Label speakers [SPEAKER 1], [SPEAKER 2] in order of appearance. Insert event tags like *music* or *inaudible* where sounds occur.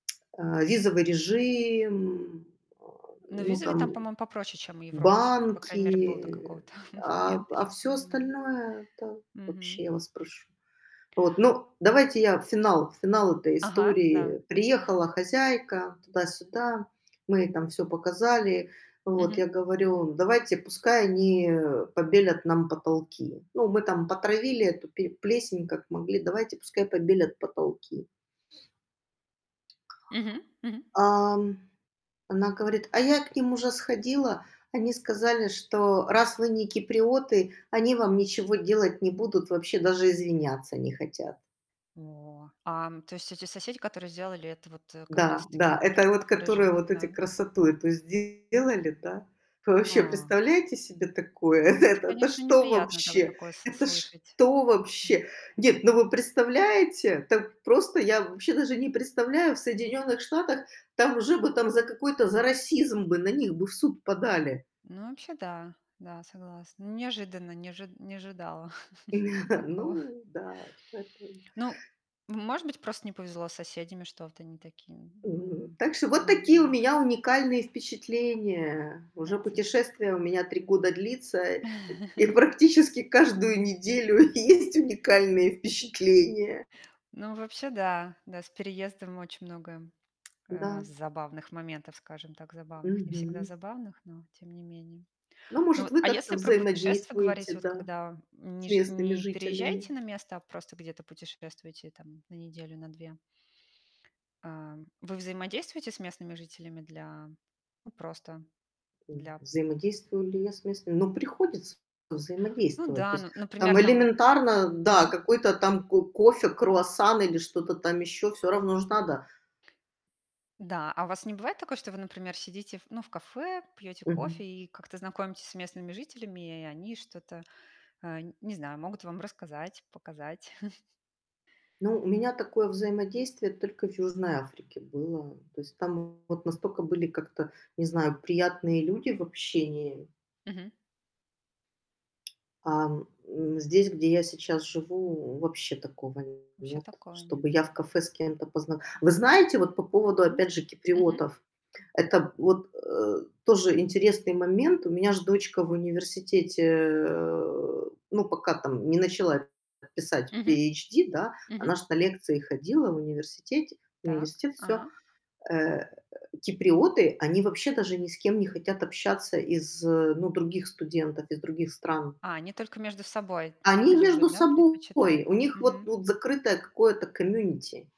[SPEAKER 1] А, визовый режим, а,
[SPEAKER 2] Но
[SPEAKER 1] ну
[SPEAKER 2] визовый там,
[SPEAKER 1] там,
[SPEAKER 2] по-моему, попроще, чем у Европы всё-таки. По крайней мере, был до
[SPEAKER 1] банки.
[SPEAKER 2] какого-то
[SPEAKER 1] А,
[SPEAKER 2] момента.
[SPEAKER 1] а, в
[SPEAKER 2] Щас
[SPEAKER 1] всё
[SPEAKER 2] не знаю.
[SPEAKER 1] остальное- это
[SPEAKER 2] Мгм.
[SPEAKER 1] вообще, я вас прошу. Вот. Ну, давайте я финал финал этой
[SPEAKER 2] Ага,
[SPEAKER 1] истории.
[SPEAKER 2] да.
[SPEAKER 1] Приехала
[SPEAKER 2] *chuckles*
[SPEAKER 1] хозяйка, туда-сюда. Мы ей там всё показали. Вот
[SPEAKER 2] Мгм.
[SPEAKER 1] я говорю: "Давайте, пускай они побелят нам потолки. Ну, мы там потравили эту пе плесень как могли. Давайте, пускай побелят потолки".
[SPEAKER 2] Мгм, мгм.
[SPEAKER 1] Ам, она говорит: "А я к ним уже сходила. Они сказали, что, раз вы не киприоты, они вам ничего делать не будут. Вообще даже извиняться не хотят".
[SPEAKER 2] О! А, то есть эти соседи, которые сделали это вот, э, как
[SPEAKER 1] Да,
[SPEAKER 2] раз-таки
[SPEAKER 1] да,
[SPEAKER 2] турки,
[SPEAKER 1] это вот
[SPEAKER 2] которые
[SPEAKER 1] которые
[SPEAKER 2] живут
[SPEAKER 1] вот эти
[SPEAKER 2] на
[SPEAKER 1] красоту эту сделали, да. Вы вообще
[SPEAKER 2] А.
[SPEAKER 1] представляете себе такое?
[SPEAKER 2] Это,
[SPEAKER 1] Это это
[SPEAKER 2] конечно,
[SPEAKER 1] что
[SPEAKER 2] неприятно, так
[SPEAKER 1] вообще?
[SPEAKER 2] такое с
[SPEAKER 1] Это
[SPEAKER 2] слышать
[SPEAKER 1] что
[SPEAKER 2] вообще.
[SPEAKER 1] вообще? Нет, ну, вы представляете? Так просто я вообще даже не представляю. В Соединенных Штатах там уже бы там за какой-то за расизм бы на них бы в суд подали.
[SPEAKER 2] Ну, вообще да. Да, согласна. Неожиданно, не ожи не ожидала *chuckles*
[SPEAKER 1] *chuckles*
[SPEAKER 2] такого.
[SPEAKER 1] Ну да. Поэтому
[SPEAKER 2] Ну, м может быть, просто не повезло с соседями, что вот они такие.
[SPEAKER 1] Мгм.
[SPEAKER 2] М,
[SPEAKER 1] Так что вот
[SPEAKER 2] над
[SPEAKER 1] такие у
[SPEAKER 2] надеюсь, чт
[SPEAKER 1] меня уникальные впечатления.
[SPEAKER 2] От
[SPEAKER 1] Уже
[SPEAKER 2] э
[SPEAKER 1] путешествие у меня 3 года длится, и и к
[SPEAKER 2] *chuckles*
[SPEAKER 1] практически каждую неделю есть уникальные впечатления.
[SPEAKER 2] Ну, а вообще, да. Да, с переездами очень много, э,
[SPEAKER 1] Н-да.
[SPEAKER 2] з забавных моментов, скажем так, забавных. Не всегда
[SPEAKER 1] Мгм.
[SPEAKER 2] забавных, но тем не менее.
[SPEAKER 1] Ну,
[SPEAKER 2] Ну
[SPEAKER 1] может,
[SPEAKER 2] вот,
[SPEAKER 1] вы
[SPEAKER 2] а если
[SPEAKER 1] как-то
[SPEAKER 2] про путешествия говорить,
[SPEAKER 1] взаимодействуете,
[SPEAKER 2] вот
[SPEAKER 1] да,
[SPEAKER 2] когда, м,
[SPEAKER 1] с
[SPEAKER 2] не жи
[SPEAKER 1] местными
[SPEAKER 2] не
[SPEAKER 1] жителями.
[SPEAKER 2] переезжаете на место, а просто где-то путешествуете там на неделю, на 2. А вы взаимодействуете с местными жителями для ну, просто
[SPEAKER 1] М,
[SPEAKER 2] для
[SPEAKER 1] взаимодействую ли я с местными? Ну, приходится
[SPEAKER 2] Ну
[SPEAKER 1] взаимодействовать. То
[SPEAKER 2] да, ну,
[SPEAKER 1] есть
[SPEAKER 2] н например,
[SPEAKER 1] там
[SPEAKER 2] там
[SPEAKER 1] элементарно, да,
[SPEAKER 2] Мгм.
[SPEAKER 1] какой-то там ко кофе, круассан или что-то там ещё- всё равно ж надо.
[SPEAKER 2] Да. А у вас не бывает такое, что вы, например, сидите в ну, в кафе, пьёте
[SPEAKER 1] Мгм.
[SPEAKER 2] кофе и как-то знакомитесь с местными жителями, и и они что-то, э, н не знаю, могут вам рассказать, показать? *chuckles*
[SPEAKER 1] Ну, у меня такое взаимодействие только в Южной Африке было. То есть там вот настолько были как-то, не знаю, приятные люди в общении.
[SPEAKER 2] Мгм.
[SPEAKER 1] Ам, м, здесь, где я сейчас живу, вообще такого
[SPEAKER 2] Вообще
[SPEAKER 1] нет.
[SPEAKER 2] такого нет.
[SPEAKER 1] Чтобы я в кафе с кем-то позна Вы знаете, вот по поводу,
[SPEAKER 2] Муз
[SPEAKER 1] опять же,
[SPEAKER 2] Мгм.
[SPEAKER 1] киприотов. Это вот, э, тоже интересный момент. У меня ж дочка в университете, э, ну, пока там не начала п писать
[SPEAKER 2] Мгм.
[SPEAKER 1] PHD, да, она
[SPEAKER 2] Мгм.
[SPEAKER 1] ж на лекции ходила в университете
[SPEAKER 2] Так.
[SPEAKER 1] университет- всё.
[SPEAKER 2] Ага.
[SPEAKER 1] Э, киприоты- они вообще даже ни с кем не хотят общаться из, э, ну, других студентов, из других стран.
[SPEAKER 2] А, они только между собой
[SPEAKER 1] Они между
[SPEAKER 2] любят, да,
[SPEAKER 1] собой,
[SPEAKER 2] предпочитают?
[SPEAKER 1] у них вот
[SPEAKER 2] Мгм.
[SPEAKER 1] вот закрытое какое-то комьюнити.